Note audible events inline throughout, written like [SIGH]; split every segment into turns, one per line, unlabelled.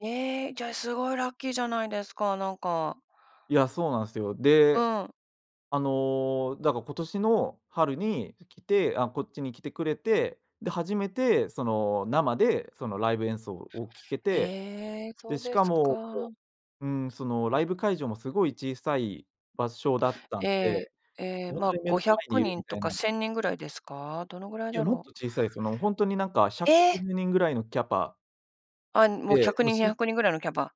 ええ、じゃ、すごいラッキーじゃないですか、なんか。
いや、そうなんすよ。
う
で
ん。
あの、だか、今年の春に、す来てあ、こっちに来てくれて、で、初めてその生でそのライブ演奏を聴けて、
ええ、そ
で
う
し
で
か
す
も、
か。
こううん、そのライブ会場もすごい小さい場所だった
え
ん
え、
で、
ええ、
ほん
まあ、
とに目
ご
の
ひゃ
前に
く
いる
に
み
んと
たい
か
な
1000人ぐらいですか？どのぐらい
い
だ
や、もっ
ろう？
と小さいすよ。ほんとになんかひゃくご
え。
じゅうにんぐらいのキャパ
あ、もう、ひゃ
で、
く
もう
にん、にひ
し
ゃ
ん
くにんぐらいのキャパ？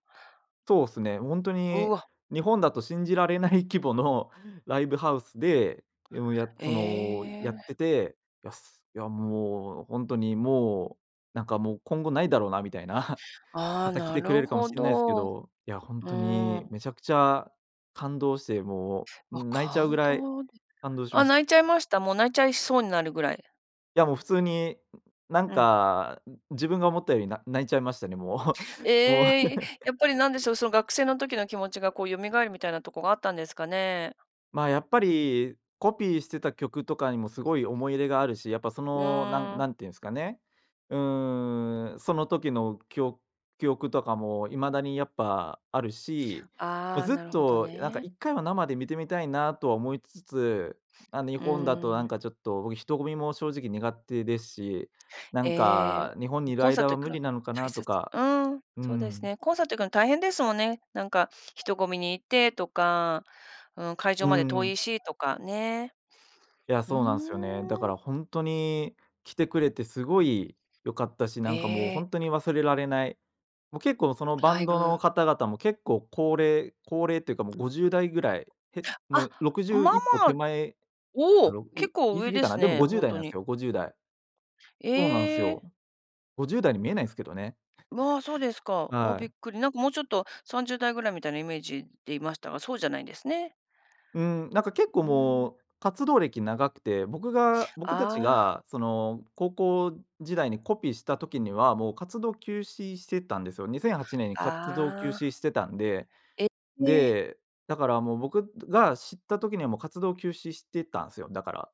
そうっすね。もうほんと
う
に
わ。
日本だと信じられない規模のライブハウスで、うんやそのやっ
ええ。
てて、やすや、もうほんとにもう、なんかもう今後ないだろうなみたいな [CHUCKLES]
あ
ま
あ、
た来
な
てくれ
る
るかも
ほ
しんないすけ
ど、
ど、いやほん
う
とに
ん。
めちゃくちゃ感動して、もう
あ、
泣いちゃうぐ
感
らい
動で、
感動しま
あ、
し
泣いちゃいました？もう泣いちゃいそうになるぐらい。
いやもう普通になん
うん。
か、ん自分が思ったより、な泣いちゃいましたね、も
え
う。もう。
え、え、やっぱ
[LAUGHS]
りなんでしょう、その学生の時の気持ちが、こう蘇るみたいなとこがあったんですかね？
まあ、やっぱり、コピーしてた曲とかにもすごい思い入れがあるし、やっぱそ
う
の、なん
ーん。
なんて言うんすかね。うん、その時の、きお記憶とかも未だにやっぱあるし、もう
ああ、
ずっ
なるほど
となんか
ね。
1回は生で見てみたいなとは思いつつ、あのい
う
ほんだと
ー
な
ん。
んかちょっと僕人混みも正直苦手ですし、な
え
ん
え、ん
か日本にいる
コンサー
間
ト
は
行く
無
の
理なのか
大
なと
切
か、
うん、
う
そうです
ん。
ね。コンサート行くの大変ですもんね。なんか人混みに行ってとか、うん会場
う
まで遠い
ん。
しとかね。
いや、
うー
そうなんすよね。だか
ん。
らほんとに来てくれてすごい良かったし、な
え
んかもうほ
え。
んとに忘れられない。もう結構そのバ
ライ
ンド
ブ
の方々も結構高齢高齢てかもう50代ぐらい、へ
あ、
もうろくじ
ま
ゅう、
あ
一歩
まあ、
手前、
お
あ
お、
ろい
結構
言い過
上
ぎ
で
か
す
な。でも
ね、
ごじゅう
ほん
だい
と
なん
に。
すよ、50代そうなんす
え
よ。
え。
50代に見えないすけどね。
わあ、そうですか。あ、
は
びっ
い。
くり。なんかもうちょっと30代ぐらいみたいなイメージでいましたが、そうじゃないんですね。
うーん、なんか結構
うん。
もう、活動歴長くて、僕が僕たち
ああ。
がその高校時代にコピーした時には、もう活動休止してたんですよ。2008年に活動休
ああ。
止してたんで、
え。え。
で、だからもう僕が知った時にはもう活動休止してたんすよ、だから。